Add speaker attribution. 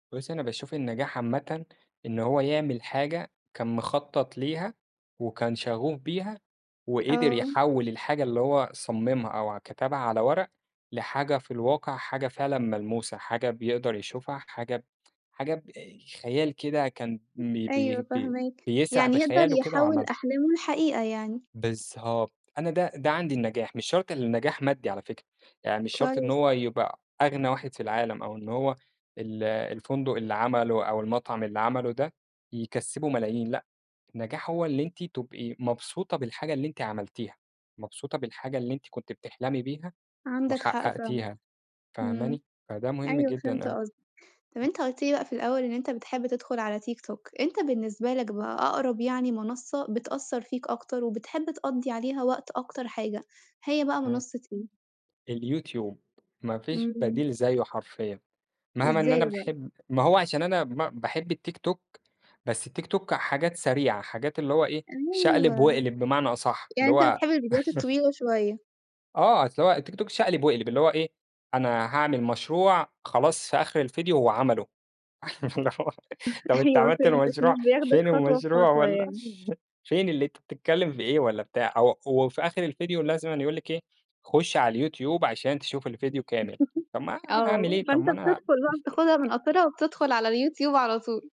Speaker 1: بُصّي أنا باشوف النجاح عامةً إن هو يعمل حاجة كان مخطط ليها، وكان شغوف بيها وقدر
Speaker 2: آه.
Speaker 1: يحوّل الحاجة اللي هو صممها أو ع كتبها على ورق، لحاجة في الواقع حاجة فعلًا ملموسة حاجة بيقدر يشوفها حاجة ب حاجة بأي خيال كده كان م بي بيه
Speaker 2: أيوه
Speaker 1: بي
Speaker 2: فاهماك،
Speaker 1: بيسرح
Speaker 2: يعني يقدر
Speaker 1: بخياله كده
Speaker 2: يحوِّل
Speaker 1: وعملها.
Speaker 2: أحلامه لحقيقة يعني.
Speaker 1: بالضبط أنا ده ده عندي النجاح مش شرط اللي النجاح مادّي على فكرة، يعني مش شرط إن
Speaker 2: كويس.
Speaker 1: هو يبقى أغنى واحد في العالم أو إن هو ال الفندق اللي عمله أو المطعم اللي عمله ده يكسّبه ملايين لأ، النجاح هو اللي أنتِ تبقي مبسوطة بالحاجة اللي أنتِ عملتيها، مبسوطة بالحاجة اللي أنتِ كنتِ بتحلمي بيها
Speaker 2: عندك حق فعلًا،
Speaker 1: وحققتيها
Speaker 2: إمم،
Speaker 1: فاهماني؟ فده مهم
Speaker 2: أيوه
Speaker 1: جدًا
Speaker 2: فهمت
Speaker 1: أوي.
Speaker 2: قصدك، طَب أنت قُلت لي بقى في الأول إن أنت بتحب تدخل على tiktok أنت بالنسبة لك بقى أقرب يعني منصّة بتأثّر فيك أكتر وبتحب تقضي عليها وقت أكتر حاجة هي بقى
Speaker 1: امم.
Speaker 2: منصّة إيه؟
Speaker 1: الyoutube ما فيش
Speaker 2: امم.
Speaker 1: بديل زيّه حرفيًا مهما إن أنا
Speaker 2: إزاي بقى؟
Speaker 1: باحب ما هو عشان أنا ما باحب الtiktok، بس الtiktok حاجات سريعة حاجات اللي هو إيه شقلب
Speaker 2: أيوه،
Speaker 1: واقلب بمعنى أصح
Speaker 2: يعني
Speaker 1: اللي
Speaker 2: أنت
Speaker 1: هو
Speaker 2: بتحب الفيديوهات الطويلة شوية؟
Speaker 1: آه أصل هو الtiktok شقلب واقلب اللي هو إيه أنا هاعمل مشروع خلاص في آخر الفيديو هو عمله طَب أنت
Speaker 2: أيوه
Speaker 1: عملت
Speaker 2: فهمتك
Speaker 1: المشروع
Speaker 2: مش بياخدك
Speaker 1: فين
Speaker 2: خطوة
Speaker 1: المشروع
Speaker 2: بخطوة
Speaker 1: والّا
Speaker 2: يعني.
Speaker 1: فين اللي أنت بتتكلم في إيه والّا بتاع، أو وفي آخر الفيديو لازم أنا يقول لِك إيه خُش على الyoutube عشان تشوف الفيديو كامل، طَب ما
Speaker 2: آه
Speaker 1: هاعمل إيه طَب
Speaker 2: فأنت
Speaker 1: ما أنا
Speaker 2: بتدخل بقى بتاخدها من قصيرها وبتدخل على الyoutube على طول.